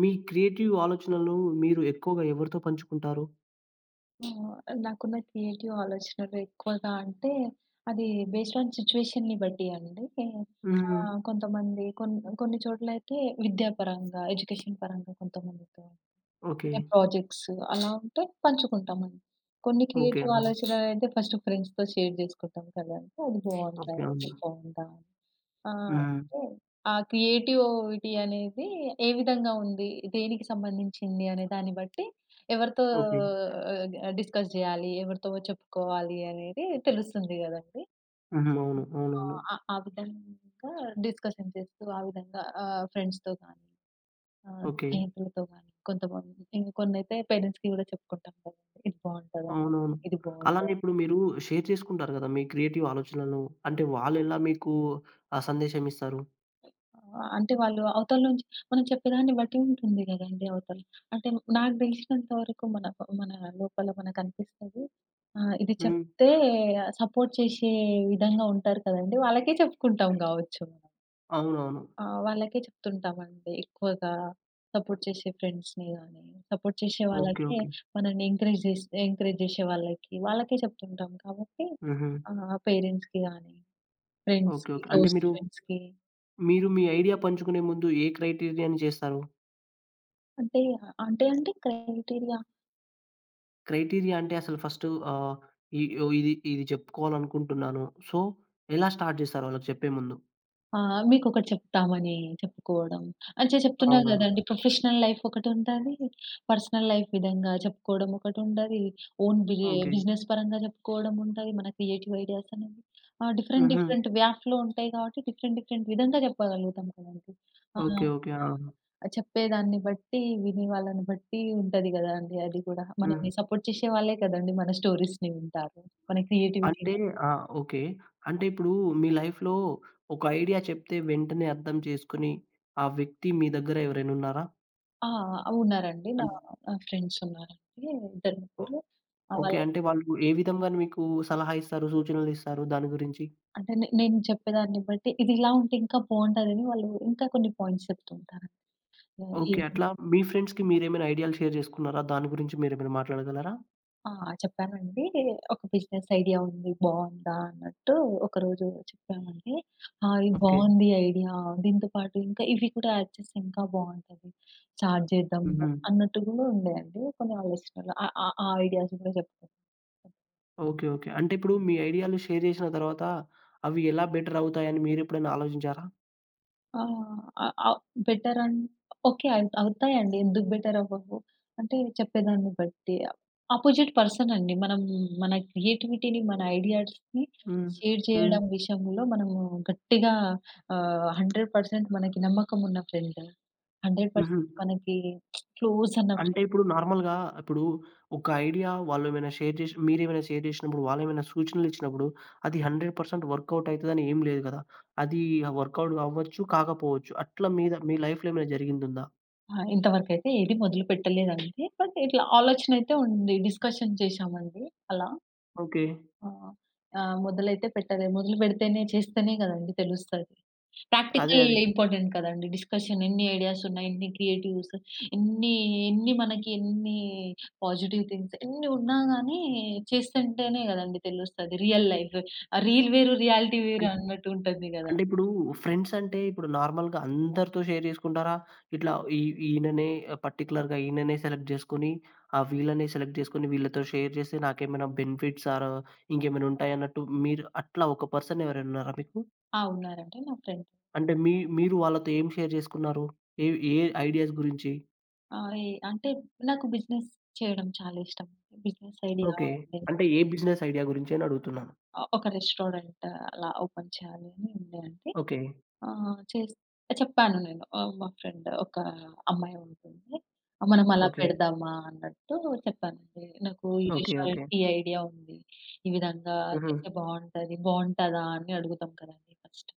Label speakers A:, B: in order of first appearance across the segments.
A: మీ creative ఆలోచనలు మీరు ఎక్కువగా ఎవరితో పంచుకుంటారు?
B: ఆ! నాకున్న క్రియేటివ్ ఆలోచనలెక్కువగా అంటే అది బేస్డ్ ఆన్ సిచ్యుయేషన్‌ని బట్టి అండి.
A: హ్మ్.
B: ఆహ్, కొంతమంది కొన్ కొన్ని చోట్లయితే విద్యా పరంగా, ఎడ్యుకేషన్ పరంగా కొంతమందితో అంటే
A: ఓకే.
B: ప్రొజెక్ట్సు అలా ఉంటే పంచుకుంటాము. కొన్ని
A: ఓకే.
B: క్రియేటివ్
A: ఆ!
B: ఆలోచనలు అంటే ఫస్ట్ ఫ్రెండ్స్‌తో షేర్ చేసుకుంటాం కదా! అది బావుందా?
A: ఓకే.
B: ఇది
A: అవును.
B: బావుందా? ఆహ్,
A: హ్మ్.
B: అయితే ఆ క్రియేటివ్ విటి అనేది ఏ విధంగా ఉంది? దేనికి సంబంధించింది? అనే దాన్ని బట్టి ఎవరితో
A: ఓకే.
B: ఆహ్, డిస్కస్ జేయాలి? ఎవరితో చెప్పుకోవాలి? అనేది తెలుస్తుంది గదండీ.
A: హ్మ్. అవును.
B: హ్మ్. ఆ!
A: అవునవును.
B: ఆ ఆ విధంగా డిస్కషన్ చేస్తూ, ఆ విధంగా ఆహ్, ఫ్రెండ్స్‌తో కానీ, ఆహ్,
A: ఓకే.
B: స్నేహితులతో కానీ, కొంతమంది కొన్నయితే పేరెంట్స్‌కి గూడా చెప్పుకుంటాం కదా! ఇది బావుంటదంటా,
A: అవునవును.
B: ఇది బావుందా?
A: అలానే ఇప్పుడు మీరు షేర్ చేసుకుంటారు కదా మీ క్రియేటివ్ ఆలోచనలు? అంటే వాళ్ళెలా మీకు ఆ సందేశమీస్తారు?
B: ఆహ్, అంటే వాళ్ళు అవతల నుంచి మనం చెప్పేదాన్ని బట్టి ఉంటుంది గదండీ అవతల. అంటే నాకు దెలిసినంత వరకు మన ప మన లోపల మనకనిపిస్తది ఆహ్, ఇది
A: హ్మ్.
B: చెప్తే సపోర్ట్ చేశే విధంగా ఉంటారు కదండీ వాళ్ళకే చెప్పుకుంటాం గావచ్చు మనం.
A: అవునవును.
B: ఆహ్, వాళ్ళకే చెప్తుంటాం అండి. ఎక్కువగా సపోర్ట్ జెసే ఫ్రెండ్స్‌ని గాని, సపోర్ట్ జెసే
A: ఓకే
B: వాళ్ళకే
A: ఓకే.
B: మనల్ని ఎంకరేజ్ జేస్ ఎంకరేజ్ జేసే వాళ్ళకి, వాళ్ళకే చెప్తుంటాం కాబట్టి,
A: హుహు.
B: ఆహ్, పేరెంట్స్‌కి గాని,
A: ఓకే
B: ఫ్రెండ్స్‌కి,
A: ఓకే. అంటే
B: క్లోజ్
A: మీరు,
B: ఫ్రెండ్స్‌కి.
A: మీరు మీ ఐడియా పంచుకునే ముందు ఏ క్రైటీరియా‌ని జేస్తారు?
B: అంటే అంటే అంటే క్రైటీరియా
A: క్రైటీరియా అంటే అసలు ఫస్టు, ఆహ్ ఈ యొ ఇది ఇది చెప్పుకోవాలి అనుకుంటున్నాను. సో ఎలా స్టార్ట్ జేస్తారళ్ళకి చెప్పే ముందు?
B: ఆ! మీకొకటి చెప్తామని చెప్పుకోవడం అన్ చె చెప్తున్నా కదండీ
A: అవునవును.
B: ప్రొఫెషనల్ లైఫ్ ఒకటుంటది. పర్సనల్ లైఫ్ విధంగా చెప్పుకోవడం ఒకటి ఉంటది. Own బిరె
A: okay.
B: బిజినెస్ పరంగా జెప్పుకోవడం ఉంటది, మన క్రియేటివ్ ఐడియాస్ అనేవి ఆ! డిఫరెంట్
A: హుహు.
B: డిఫరెంట్ వ్యాక్‌లో ఉంటాయి కాబట్టి, డిఫరెంట్ డిఫరెంట్ విధంగా చెప్పగలుగుతాం గదండీ. ఆహ్,
A: ఓకే
B: ఆహ్,
A: ఓకే. ఆ!
B: చెప్పేదాన్ని బట్టి, వినే వాళ్ళని బట్టి ఉంటది గదా! అండి. అది కూడా మనల్ని
A: హ్మ్.
B: సపోర్ట్ చేసే వాళ్ళే కదండీ, మన స్టోరీస్‌ని వింటారు. మన క్రియేటివిటీ
A: అంటే ఆ! ఓకే. అంటే ఇప్పుడు మీ లైఫ్‌లో ఒక ఐడియా చెప్తే వెంటనే అర్థం చేసుకొని, ఆ వ్యక్తి మీ దగ్గర ఎవరైనున్నారా?
B: ఆ! ఆ! ఉన్నారండి. నా
A: అన్
B: ఆహ్, ఫ్రెండ్స్ ఉన్నారండి. ఆహ్, 2, 3 ఇద్దరు
A: ఓ
B: ముగ్గురు. ఆహ్,
A: ఓకే.
B: వాళ్ళ
A: అంటే వాళ్ళు ఏ విధంగా మీకు సలహా ఇస్తారు? సూచనలు ఇస్తారు దాని గురించి?
B: అంటే నే నేను చెప్పేదాన్ని బట్టి, ఇది ఇలా ఉంటే ఇంకా బావుంటదని వాళ్ళు ఇంకా కొన్ని పాయింట్స్ చెప్తూ ఉంటారండి. ఆ! ఏం
A: ఓకే. అట్లా మీ ఫ్రెండ్స్‌కి మీరేమైనా ఐడియా‌లు షేర్ చేసుకున్నారా? దాని గురించి మీరేమైనా మాట్లాడగలరా?
B: ఆ! చెప్పానండి. ఒక బిజినెస్ ఐడియా ఉంది. బావుందా? అన్నట్టు ఒకరోజు చెప్పానండి. ఆ! ఇది
A: ఓకే.
B: బావుంది ఐడియా. దీంతో పాటు ఇంకా ఇవి కూడా యాడ్ చేస్తే ఇంకా బావుంటది. స్టార్ట్ జేద్దాం
A: హుహు.
B: అన్నట్టు గూడా ఉండే అండి కొన్ని ఆలోచనలు. ఆ ఆ ఆ ఐడియాస్ కూడా జెప్తా.
A: ఓకే. ఓకే. అంటిప్పుడు మీ ఐడియా‌లు షేర్ చేసిన తరువాత అవి ఎలా బెటరవుతాయని మీరెప్పుడైనా ఆలోచించారా?
B: ఆ! ఆహ్, ఆహ్, బెటర్ అన్ ఓకే. ఐ అవుతాయండి. ఎందుకు బెటరవ్వవు? అంటే చెప్పేదాన్ని బట్టి. అపోజిట్ పర్సనండి మనం మన క్రియేటివిటీ‌ని మన ఐడియాస్‌ని
A: హ్మ్.
B: షేర్
A: హ్మ్.
B: చేయడం విషయంలో మనము గట్టిగా ఆహ్, 100% పర్సెంట్ మనకి నమ్మకం ఉన్న ఫ్రెండ్. 100% పర్సెంట్
A: హుహు.
B: మనకి క్లోజ్ అన్న
A: అంటే ఇప్పుడు నార్మల్‌గా ఇప్పుడు ఒక ఐడియా వాళ్ళు ఏమైనా షేర్ చేసి మీరేమైనా షేర్ చేశినప్పుడు వాళ్లేమైనా సూచనలిచ్చినప్పుడు అది 100% పర్సెంట్ వర్క్‌‌ఔట్ అయితదనేం లేదు గదా! అది ఆహ్, వర్క్‌‌ఔట్ అవ్వచ్చు కాకపోవచ్చు. అట్లా మీద మీ లైఫ్‌లేమైనా జరిగిందుందా?
B: ఆ! ఇంతవరకైతే ఏది మొదలు పెట్టలేదండి. బట్ ఇట్లా ఆలోచన అయితే ఉంది డిస్‌కషన్ చేసామండి అలా.
A: ఓకే.
B: ఆ! మొదలైతే పెట్టలే. మొదలు బెడితేనే చేస్తేనే గదండీ తెలుస్తది!
A: అదే
B: ప్రాక్టికల్
A: అదే.
B: ఇంపార్టెంట్ కదండీ. డిస్‌కషన్ ఎన్ని ఐడియాసున్నాయి ఎన్ని క్రియేటివ్స్ ఎన్ని ఎన్ని మనకి ఎన్ని పాజిటివ్ థింగ్స్ ఎన్ని ఉన్నా గాని చేస్తుంటేనే గదండీ తెలుస్తది రియల్ లైఫ్! ఆహ్, రీల్ వేరు రియాలిటీ
A: అన్
B: వేరు
A: అంటే
B: అన్నట్టు ఉంటది గదా!
A: అంటే ఇప్పుడు ఫ్రెండ్స్ అంటే ఇప్పుడు నార్మల్‌గా అందరితో షేర్ జేసుకుంటారా? ఇట్లా ఇ ఈయననే ఆహ్, పార్టిక్యులర్‌గా ఈయననే సెలెక్ట్ జేసుకొని ఆహ్ వీళ్ళనే సెలెక్ట్ జేసుకొని వీళ్ళతో షేర్ జేస్తే నాకేమైనా బెనిఫిట్స్ ఆర్ ఇంకేమైనుంటాయన్నట్టు మీరు అట్లా ఒక పర్సన్ ఎవరైనా ఉన్నారా మీకు?
B: ఆ! ఉన్నారండి నా ఫ్రెండ్.
A: అంటే మీ మీరు వాళ్ళతో ఏం షేర్ జేసుకున్నారు ఏ ఏ ఐడియాస్ గురించి?
B: ఆ! ఈ అంటే నాకు బిజినెస్ చేయడం చాలా ఇష్టం. Business idea
A: okay.
B: ఉంది.
A: అంటే ఏ బిజినెస్ ఐడియా గురించి అనడుగుతున్నాను.
B: ఆహ్, ఒక రెస్టారెంట్ అలా ఓపెన్ చేయాలని ఉండే అండి.
A: ఓకే.
B: ఆ! చెస్ట్ చెప్పాను నేను ఆహ్, మా ఫ్రెండ్ ఒక అమ్మాయుంటుందండి. మనం అలా
A: ఓకే.
B: పెడదామా అన్నట్టు చెప్పానండి. నాకు ఈ
A: ఓకే. ఓకే.
B: రెస్టారెంట్ ఈ ఐడియా ఉంది. ఈ విధంగా
A: హుహు.
B: చేస్తే బావుంటది బావుంటదా? అడుగుతం కదండి! ఫస్ట్.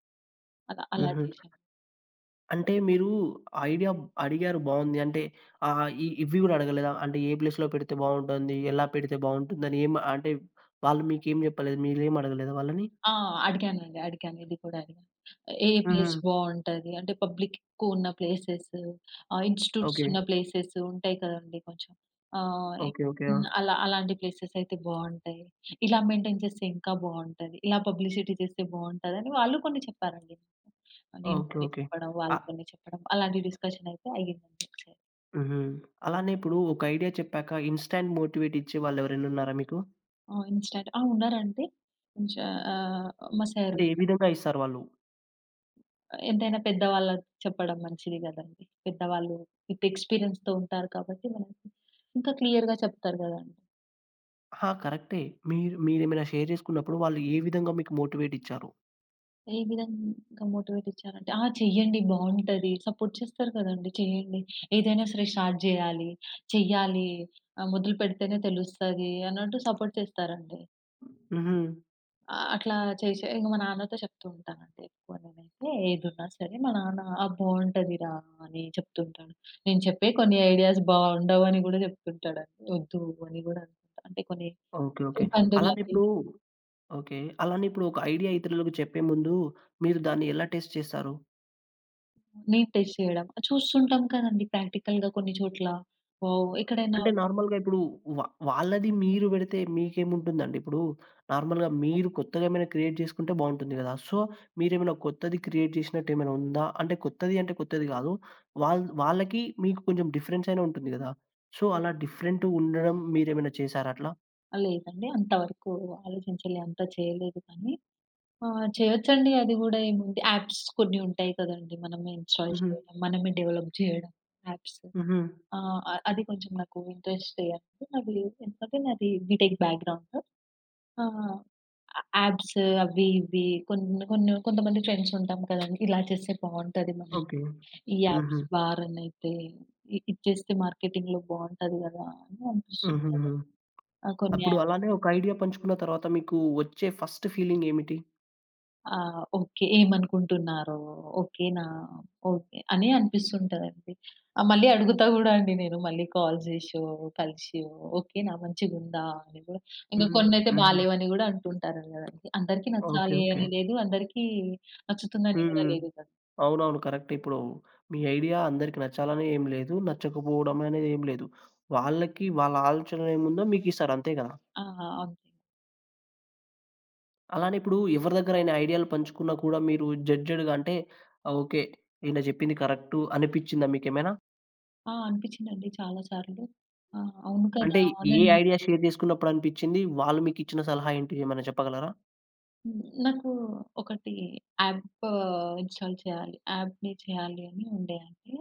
B: అలా అలా
A: హుహు.
B: చేసాం.
A: అంటే మీరు ఐడియా అడిగారు. బావుంది. అంటే ఆహ్, ఇ ఇవి గూడా అడగలేదా? అంటే ఏ ప్లేస్‌లో పెడితే బావుంటుంది? ఎలా పెడితే బావుంటుందని? ఏం అంటే వాళ్ళు మీకేం జేప్పలేదు. మీరేం అడగలేదా వాళ్ళని?
B: ఆ! అడిగానండి. అడిగాను. ఇది కూడా అడిగాను. "ఏ ప్లేస్
A: హుహు.
B: బావుంటది? అంటే పబ్లిక్ ఎక్కువున్న ప్లేసెస్, ఆహ్, ఇన్‌స్టిట్యూట్స్ ఉన్న
A: ఓకే.
B: ప్లేసెస్ ఉంటాయి కదండీ కొంచెం. ఆహ్, ఇం
A: ఓకే. ఓకే.
B: హ్మ్.
A: ఆ!
B: ఆలా అలాంటి ప్లేసెస్ అయితే బావుంటాయి. ఇలా మెయింటైన్ చేస్తే ఇంకా బావుంటది, ఇలా పబ్లిసిటీ చేస్తే బావుంది" అని, వాళ్ళు కొన్ని చెప్పారండి. అది నేను
A: ఓకే.
B: కొన్ని
A: ఓకే.
B: చెప్పడం, వాళ్ళు
A: అహ్
B: కొన్ని చెప్పడం అలాంటి డిస్‌కషన్ అయితే అయింది.
A: హుహు. అలానే ఇప్పుడు ఒక ఐడియా చెప్పాక ఇన్‌స్టాంట్ మోటివేట్ ఇచ్చే వాళ్లెవరైనున్నారా మీకు?
B: ఆ! ఇన్‌స్టాంట్ ఆ! ఉన్నారంటే? ఉంచా. ఆహ్, మా సారు
A: అంటే ఏ
B: ఉన్న
A: విధంగా ఇస్తారు వాళ్ళు?
B: ఎంతైనా పెద్దవాళ్ళ చెప్పడం మంచిది గదండి. పెద్దవాళ్ళు విత్ ఎక్స్‌పీరియన్స్‌‌తో ఉంటారు కాబట్టి, ఇంకా క్లియర్‌గా చెప్తారు గదండి.
A: ఆ! కరెక్టే. మీరు మీరేమైనా షేర్ జేసుకున్నప్పుడు, వాళ్ళు ఏ విధంగా మీకు మోటివేటిచ్చారు?
B: ఏ విధంగా మోటివేటిచ్చారంటే ఆ! చేయండి. బావుంటది. సపోర్ట్ చేస్తారు కదండి. చేయండి. ఏదైనా సరే స్టార్ట్ జేయాలి. చెయ్యాలి. ఆహ్, మొదలు పెడితేనే తెలుస్తది, అన్నట్టు సపోర్ట్ చేస్తారండి.
A: హుహు.
B: ఆ! అట్లా చేసే ఇంక, మా నాన్నతో చెప్తూంటానండి. ఎక్కువ నేనైతే ఏదున్నా సరే, మా నాన్న "ఆ! బావుంటది రా" అని చెప్తూ ఉంటాను. నేను చెప్పే కొన్ని ఐడియాస్ బావుండవని గూడా చెప్తుంటాడంటే, ఒద్దు అని గూడా అంటే కొన్ని
A: ఓకే. ఓకే. అలానే
B: ఇబ్బందులవి.
A: ఇప్పుడూ ఓకే. అలానే ఇప్పుడు ఒక ఐడియా ఇతరులకు చెప్పే ముందు, మీరు దాన్ని ఎలా టెస్ట్ చేస్తారు?
B: నీ టెస్ట్ చేయడం. చూస్తుంటాం కదండి! ప్రాక్టికల్‌గా కొన్ని చోట్ల. వావ్! ఎక్కడైనా
A: అంటే నార్మల్‌గా ఇప్పుడు. వ వాళ్ళది మీరు బెడితే మీకేముంటుందండి? ఇప్పుడు, నార్మల్‌గా మీరు కొత్తగేమైనా, క్రియేట్ జేసుకుంటే బావుంటుంది గదా! సో, మీరేమైనా కొత్తది క్రియేట్ జేసినట్టేమైనా ఉందా? అంటే కొత్తదీ అంటే, కొత్తది గాదు. వాళ్ వాళ్ళకి, మీకు కొంచం డిఫరెన్సయినా ఉంటుంది గదా! సో, అలా డిఫరెంటుండడం మీరేమైనా చేసారట్లా?
B: ఆ లేదండి. అంత వరకు ఆలోచించలే అంత చేయలేదు కానీ, ఆహ్, చేయొచ్చండి అది గూడా ఏముంది యాప్స్ కొన్ని ఉంటాయి కదండీ. మనమే ఇన్‌స్టాల్
A: హుహు.
B: చేయడం, మనమే డెవలప్ జేయడం, యాప్సు.
A: హుహు.
B: ఆహ్ అ అది కొంచెం నాకు ఇంట్రెస్టే అండి. మళ్లీ ఎందుకంటే నాది బిటెక్ బ్యాక్‌గ్రౌండు. ఆహ్ య యాప్సు అవి ఇవి కొన్ని కొన్ని కొంతమంది ఫ్రెండ్స్ ఉంటాం కదండి. ఇలా చేస్తే బావుంటదేమో?
A: ఓకే.
B: ఈ యాప్స్
A: హుహు.
B: బా రన్నయితై. ఇ ఇది చేస్తే మార్కెటింగ్‌లో బావుంటది గదా! అని అనిపిస్తుంటది.
A: హుహుహు.
B: ఆ! కొన్ని
A: అప్పుడు
B: యాప్స్
A: అలానే ఒక ఐడియా పంచుకున్న తరువాత మీకు ఒచ్చే ఫస్ట్ ఫీలింగ్ ఏమిటి?
B: ఆ! ఓకే. ఏమనుకుంటున్నారో? ఓకే నా? ఓకే, అని అనిపిస్తుంటదండి. ఆ మళ్ళీ అడుగుతా గూడా అండి నేను మళ్ళి కాల్ జేసో, కలిసో ఓకేనా మంచిగుందా? అని కూడా. ఇంక
A: హ్మ్.
B: కొన్నయితే
A: హ్మ్.
B: బాలేవు అని గూడా అంటుంటారు కదండి. అందరికి
A: ఓకే.
B: నచ్చాలి
A: ఓకే.
B: అని లేదు, అందరికి నచ్చుతుంది అని గూడా
A: హ్మ్.
B: లేదు కదా!
A: అవునవును. కరెక్టే. ఇప్పుడు మీ ఐడియా అందరికి నచ్చాలని ఏమి లేదు. నచ్చకపోవడమనేది ఏమి లేదు. వాళ్ళకి వాళ్ళ ఆలోచన ఏముందో మీకిస్తారు. అంతే గదా!
B: ఆ! అంతే.
A: అలానే ఇప్పుడు ఎవరి దగ్గరైనా ఐడియా‌లు పంచుకున్నా కూడా మీరు జడ్జ్‌డ్‌గా అంటే, ఓకే. ఈయన జెప్పింది కరెక్టు అనిపిచ్చిందా మీకేమైనా?
B: ఆ! అనిపిచ్చిందండి చాలా సార్లు. ఆ! అవును కదా!
A: అంటే ఏ
B: అవునన్
A: ఐడియా షేర్ జేసుకున్నప్పుడు అనిపిచ్చింది? వాళ్ళు మీకిచ్చిన సలహా ఏంటి ఏమైనా చెప్పగలరా?
B: హ్మ్. నాకు ఒకటి యాప్పు ఇన్‌స్టా‌ల్ చేయాలి, యాప్‌ని చేయాలి అని ఉండే అండి.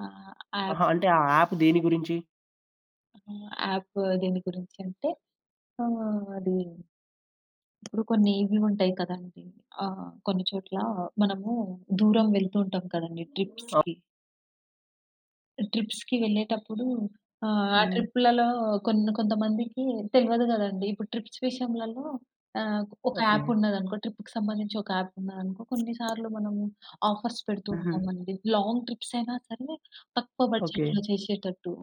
B: ఆహ్ యాప్
A: అహా! అంటే ఆ యాప్ దేని గురించి?
B: ఆహ్, యాప్ దేని గురించి అంటే ఆహ్, అది ఇప్పుడు కొన్ని ఇవి ఉంటాయి కదండీ ఆహ్, కొన్ని చోట్ల మనము దూరం వెళ్తూ ఉంటాం కదండీ
A: ఆప్
B: ట్రిప్స్‌కి. ట్రిప్స్‌కి వెళ్ళేటప్పుడు ఆహ్, ఆ
A: హ్మ్.
B: ట్రిప్పులలో కొన్ని కొంతమందికి తెలువదు గదండీ. ఇప్పుడు ట్రిప్స్ విషయంలలో ఆహ్, ఒక
A: ఓకే.
B: యాపున్నదనుకో ట్రిప్పు‌కి సంబంధించి ఒక యాపున్నదనుకో కొన్నిసార్లు మనము ఆఫర్స్ పెడుతూ
A: హుహు.
B: ఉంటామండి, లాంగ్ ట్రిప్స్ అయినా సరే తక్కువ
A: ఓకే.
B: బడ్జెట్‌లో చేసేటట్టు,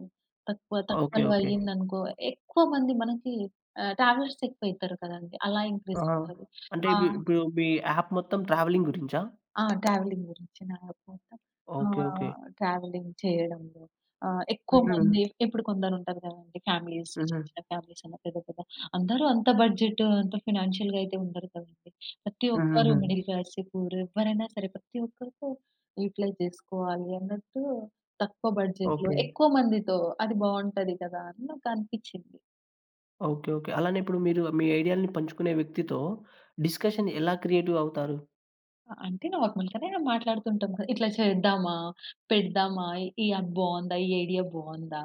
B: తక్కువ
A: ఓకే.
B: తక్కువలో
A: ఓకే.
B: అయ్యిందనుకో ఎక్కువ మంది మనకి ఆహ్, ట్రావెలర్స్ ఎక్కువయితారు కదండీ, అలా
A: ఆహా!
B: ఇంక్రీజవుతారు.
A: అంటే
B: ఆ!
A: ఇప్ ఇప్పుడు మీ యాప్ మొత్తం ట్రావెలింగ్ గురించా?
B: ఆ! ట్రావెలింగ్ గురించి నా యాప్ మొత్తం.
A: ఓకే. ఓకే.
B: ఆహ్, ట్రావెలింగ్ చెయ్యడంలో ఆహ్, ఎక్కువ మంది
A: హుహు.
B: ఇప్పుడు కొందరుంటారు గదండీ ఫామిలీస్ చిన్న
A: హుహు.
B: చిన్న ఫ్యామిలీసన్నా, పెద్ద పెద్ద అందరూ అంత బడ్జెటు, అంత ఫినాన్షియల్‌గా అయితే ఉండరు కదండీ. ప్రతి ఒక్కరు
A: హుహుహు.
B: మిడిల్ క్లాసే, పూర్, ఎవ్వరైనా సరే, ప్రతి ఒక్కరికో యుటిలైజ్ జేసుకోవాలి అన్నట్టు తక్కువ బడ్జెట్‌లో,
A: ఓకే.
B: ఎక్కువ మందితో అది బావుంటది కదా! అని నాకనిపిచ్చింది.
A: ఓకే. ఓకే. అలానే ఇప్పుడు మీరు మీ ఐడియా‌లని పంచుకునే వ్యక్తితో డిస్కషన్ ఎలా క్రియేటివ్ అవుతారు?
B: అంటే, నార్మల్‌గానే మాట్లాడుతుంటాం క ఇట్లా చేద్దామా? పెడదామా? ఈ యాప్ బావుందా? ఈ ఐడియా బావుందా?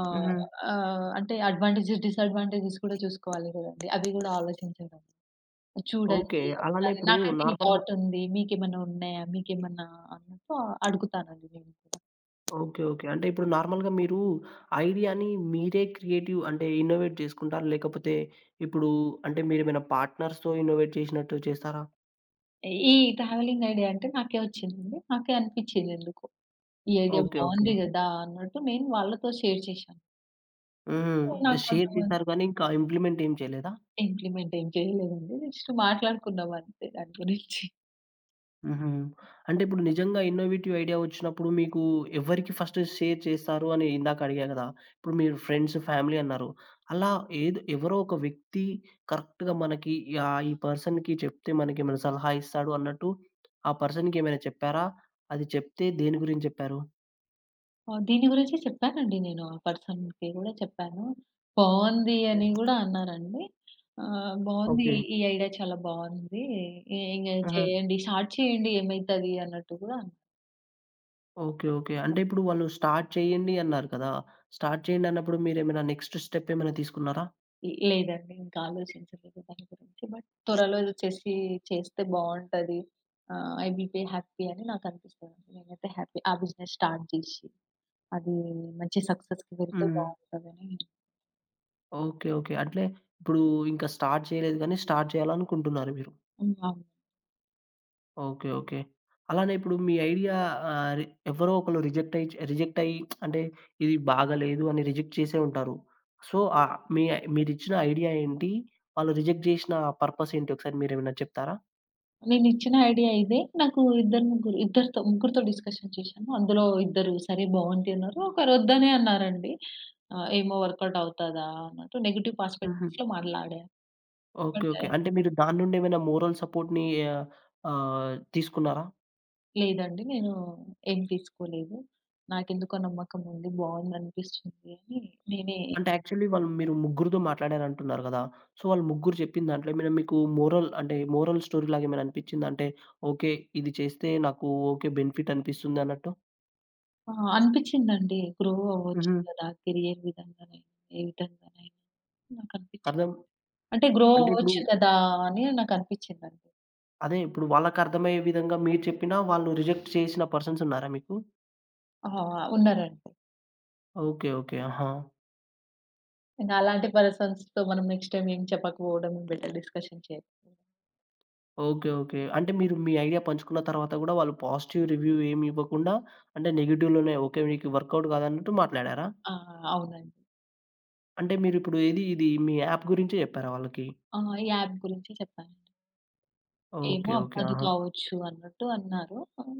B: ఆహ్,
A: హుహు.
B: ఆహ్, అంటే, అడ్వాంటేజ్, డిసాడ్వాంటేజేస్ కూడా చూసుకోవాలి కదండీ! అది గూడా ఆలోచించడం.
A: ఓకే.
B: చూడండి,
A: అలానే
B: నాది
A: ఇప్పుడు
B: నాకైతే ఈ
A: నార్మల్‌గా
B: థాట్ ఉంది. మీకేమైనా ఉన్నాయా? మీకేమన్నా అన్నట్టు అడుగుతానండి నేను కూడా.
A: ఓకే. ఓకే. అంటే, ఇప్పుడు నార్మల్‌గా మీరు ఐడియా‌ని మీరే క్రియేటివ్ అంటే, ఇన్నోవేట్ చేసుకుంటారా? లేకపోతే, ఇప్పుడు అంటే, మీరేమైనా పార్ట్నర్స్‌తో ఇన్నోవేట్ చేసినట్టు చేస్తారా?
B: ఈ ట్రావెలింగ్ ఐడియా అంటే, నాకే ఒచ్చిందండి. నాకే అనిపిచ్చిం‌ది ఎందుకో, ఈ ఐడియా
A: ఓకే.
B: బావుంది
A: ఓకే.
B: గదా! అన్నట్టు నేను వాళ్ళతో షేర్ చేశా.
A: హుహు.
B: హ్మ్.
A: అంటే
B: నాకు
A: షేర్
B: కొంతమంది
A: జేసారు గానీ, ఇంకా ఇంప్లిమెంట్ ఏం చేయలేదా?
B: ఇంప్లిమెంట్ ఏం చేయలేదండి. జస్ట్ మాట్లాడుకున్నాం అంతే దాని గురించి.
A: హుహు. అంటే, ఇప్పుడు నిజంగా ఇన్నోవేటివ్ ఐడియా ఒచ్చినప్పుడు మీకు ఎవరికి ఫస్ట్ షేర్ చేస్తారు అని ఇందాక అడిగా కదా! ఇప్పుడు మీరు ఫ్రెండ్స్, ఫ్యామిలీ అన్నారు. అలా, ఏద్ ఎవరో ఒక వ్యక్తి కరెక్ట్‌గా మనకి ఈ ఆ ఈ పర్సన్‌కి చెప్తే మనకి ఏమైనా సలహా ఇస్తాడు అన్నట్టు, ఆ పర్సన్‌కి ఏమైనా చెప్పారా? అది చెప్తే దేని గురించి చెప్పారు?
B: ఆ! దీని గురించి జెప్పానండి. నేను ఆ పర్సన్‌కి గూడా చెప్పాను. "బాగుంది"
A: హ్మ్.
B: అని గూడా అన్నారండి. "ఆహ్, బావుంది
A: ఓకే.
B: ఈ ఐడియా చాలా బాగుంది. ఇగ
A: ఆహా!
B: చేయండి స్టార్ట్ చేయండి ఏమైతది" అన్నట్టు గూడా అన్
A: ఓకే. ఓకే. అంటే ఇప్పుడు వాళ్ళు స్టార్ట్ చేయండి అన్నారు కదా! స్టార్ట్ చేయండన్నప్పుడు మీరేమైనా నెక్స్ట్ స్టెప్ ఏమైనా తీసుకున్నారా?
B: లేదండి. ఇంకా ఆలోచించలేదు దాని గురించి బట్ త్వరలో ఏదో చేసి చేస్తే బాగుంటది. ఆహ్, ఐ విల్ బి హ్యాపీ అని నాకనిపిస్తుంది. నేనైతే హ్యాపీ ఆ బిజినెస్ స్టార్ట్ జేసి, అది మంచి సక్సెస్‌కి వెళ్తే
A: హ్మ్.
B: బావుంటదని
A: ఓకే. ఓకే. అంటే ఇప్పుడు ఇంకా స్టార్ట్ చేయలేదు గానీ, స్టార్ట్ చేయాలనుకుంటున్నారు మీరు?
B: హ్మ్. అవును.
A: Okay okay. అలానే ఇప్పుడు మీ ఐడియా ఆహ్, ఎవరో ఒకరు రిజెక్ట్ అయ్యి చే రిజెక్ట్ అయ్యి అంటే ఇది బాగాలేదు అని రిజెక్ట్ జేసే ఉంటారు. సో ఆహ్, మీ ఐ మీరిచ్చిన ఐడియా ఏంటి? వాళ్ళు రిజెక్ట్ జేసిన ఆహ్, పర్పస్ ఏంటి? ఒకసారి మీరేమైనా చెప్తారా?
B: నేనేచ్చిన ఐడియా ఇదే. నాకు ఇద్దరు ముగ్గురు ఇద్దరితో ముగ్గురితో డిస్కషన్ జేశాను. అందులో ఇద్దరు "సరే బాగుంది" అన్నారు. ఒకరు "ఒద్దనే అన్నారు" అండి. ఆహ్, "ఏమో వర్క్‌ ఔట్ అవుతదా?" అన్నట్టు నెగెటివ్
A: హుహు.
B: ప్రాస్పె‌క్టివ్‌లో మాట్లాడారు.
A: ఓకే.
B: అంటే
A: ఓకే. అంటే మీరు దాని నుండేమైనా మోరల్ సపోర్ట్‌ని ఆహ్, ఆహ్, తీసుకున్నారా?
B: లేదండి. నేను ఏం తీసుకోలేదు. నాకెందుకో నమ్మకం ఉంది. బావుందనిపిస్తుందని నేనే
A: అంటే యాక్చువల్లీ వాళ్ళు మీరు ముగ్గురితో మాట్లాడారంటున్నారు గదా! సో వాళ్ళు ముగ్గురు జప్పిన దాంట్లో మీకు మోరల్ అంటే మోరల్ స్టోరీలాగేమైనా అనిపిచ్చిందా? అంటే ఓకే. ఇది చేస్తే నాకు ఓకే. బెనిఫిట్ అనిపిస్తుందన్నట్టు.
B: ఆ! అనిపిచ్చిందండి. గ్రో అవ్వచ్చు
A: హుహు.
B: కదా! కేరియర్ విధంగానైనా ఏ విధంగానైనా నాకనిపించ్చింది.
A: అర్థం
B: అంటే గ్రో
A: అంటే ఇప్పుడు
B: అవ్వచ్చు కదా! అని నాకనిపిచ్చిందండి.
A: అదే ఇప్పుడు వాళ్ళకర్థమయ్యే విధంగా మీరు చెప్పినా వాళ్ళు రిజెక్ట్ చేసిన పర్సన్స్ ఉన్నారా మీకు?
B: ఆ! ఉన్నారండి.
A: ఓకే. ఓకే. ఆహా!
B: ఇంక అలాంటి పర్సన్స్‌తో మనం నెక్స్ట్ టైమ్ ఏం చెప్పకపోవడం బెటరు డిస్కషన్ చేయాకూడదు.
A: ఓకే. ఓకే. అంటే మీరు మీ ఐడియా పంచుకున్న తరువాత గూడా వాళ్ళు పాజిటివ్ రివ్యూ ఏం ఇవ్వకుండా అంటే నెగెటివ్‌లోనే ఓకే. మీకు వర్క్‌అవుట్ కాదన్నట్టు మాట్లాడారా?
B: ఆ! అవునండి.
A: అంటే మీరిప్పుడు ఏది ఇది మీ యాప్ గురించే చెప్పారా వాళ్ళకి?
B: ఆ! ఈ యాప్ గురించి చెప్పానండి. ఏమో
A: ఓకే. ఓకే.
B: అవ్వదు
A: ఆహా!
B: కావచ్చు అన్నట్టు అన్నారు. ఆహ్,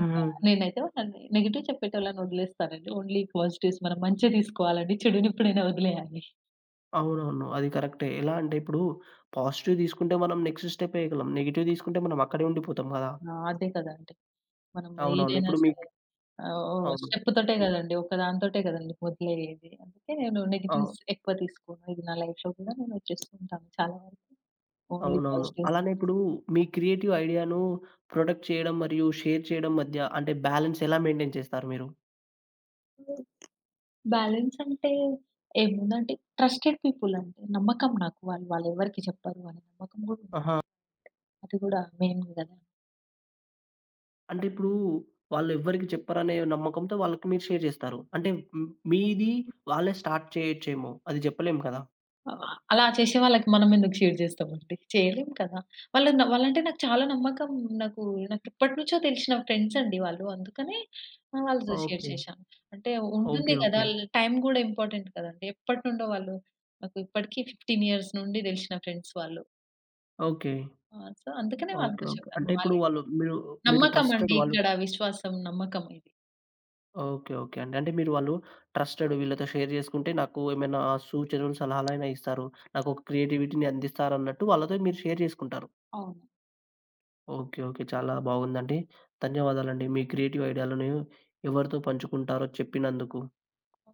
B: ఇంకా
A: హుహు.
B: నేనైతే నెగెటివ్ చెప్పేటోళ్ళనొదిలేస్తానండి. ఓన్లీ పాజిటివ్స్ మనం మంచే తీసుకోవాలి చెడునెప్పుడైనా వదిలేయాలి.
A: అవునవును. అది కరెక్టే. ఎలా అంటే ఇప్పుడు పాజిటివ్ తీసుకుంటే మనం నెక్స్ట్ స్టెప్ ఏయగలం. నెగెటివ్ తీసుకుంటే మనం అక్కడే ఉండిపోతాం గదా!
B: ఆ! అదే కదా! అంటే మనం
A: అవునవును.
B: ఏదైనా
A: ఇప్పుడు
B: సరే,
A: మీకు
B: ఆహ్,
A: అవును.
B: స్టెప్పుతోటే
A: హ్మ్.
B: కదండీ ఒకదానితోటే కదండీ మొదలయ్యేది. అందుకే నో
A: ఆ!
B: నెగెటివ్స్ ఎక్కువ తీసుకోను. ఇది నా లైఫ్‌లో కూడా నేను చేస్తూంటాను, చాలా వరకు ఓన్లీ
A: అవునవును.
B: పాజిటివ్స్‌ ‌తీస్
A: అలానే ఇప్పుడు మీ క్రియేటివ్ ఐడియా‌ను ప్రొటెక్ట్ చేయడం మరియు షేర్ చేయడం మధ్య అంటే బాలన్స్ ఎలా మెయింటైన్ చేస్తారు మీరు?
B: హ్మ్. బ్యాలన్స్ అంటే ఏముందంటే ట్రస్టెడ్ పీపుల్ అండి. నమ్మకం నాకు వాళ్ళు వాళ్లెవరికీ చెప్పరు అని నమ్మకం కూడా ఉంది.
A: ఆహా!
B: అది కూడా మెయిన్ గదా!
A: అంటే ఇప్పుడు వాళ్లెవ్వరికీ చెప్పరనే నమ్మకంతో వాళ్ళకి మీరు షేర్ చేస్తారు. అంటే హ్మ్. మీది
B: హ్మ్.
A: వాళ్ళే స్టార్ట్ చేయొచ్చేమో? అది చెప్పలేం కదా?
B: ఆహ్, ఆ! అలా చేసే వాళ్ళకి మనం ఎందుకు షేర్ చేస్తాం అండి? చేయలేం కదా! వాళ్ళు న వాళ్ళంటే అంటే నాకు చాలా నమ్మకం. నాకు నాకెప్పటి నుంచో తెలిసిన ఫ్రెండ్స్ అండి వాళ్ళు. అందుకనే ఆహ్, వాళ్ళతో షేర్
A: ఓకే.
B: చేశా. అంటే
A: ఓకే.
B: ఉంటుంది కదా!
A: ఓకే.
B: ల్ టైం కూడా ఇంపార్టెంట్ కదా అండి! ఎప్పటి నుండో వాళ్ళు నాకు ఇప్పటికి 15 ఇయర్స్ నుండి దెలిసిన ఫ్రెండ్స్ వాళ్ళు.
A: ఓకే.
B: ఆ! సో, అందుకనే
A: ఓకే.
B: వాళ్ళతో
A: ఓకే.
B: చెప్తాను.
A: అంటే ఇప్పుడు
B: వాళ్ళే
A: వాళ్ళు మీరు మీరు
B: నమ్మకం అండి.
A: ట్రస్టెడ్ వాళ్ళు
B: ఇక్కడ విశ్వాసం, నమ్మకం ఇది.
A: ఓకే. ఓకే అండి. అంటే మీరు వాళ్ళు ట్రస్టెడ్ వీళ్ళతో షేర్ చేసుకుంటే నాకు ఏమైనా సూచనలు, సలహాలైన ఇస్తారు. నాకొక క్రియేటివిటీ‌ని అందిస్తారన్నట్టు వాళ్ళతో మీరు షేర్ చేసుకుంటారు.
B: అవును.
A: ఓకే. ఓకే. చాలా బావుందండి. ధన్యవాదాలండి. మీ క్రియేటివ్ ఐడియా‌లను ఎవరితో పంచుకుంటారో చెప్పినందుకు.
B: ఓహ్!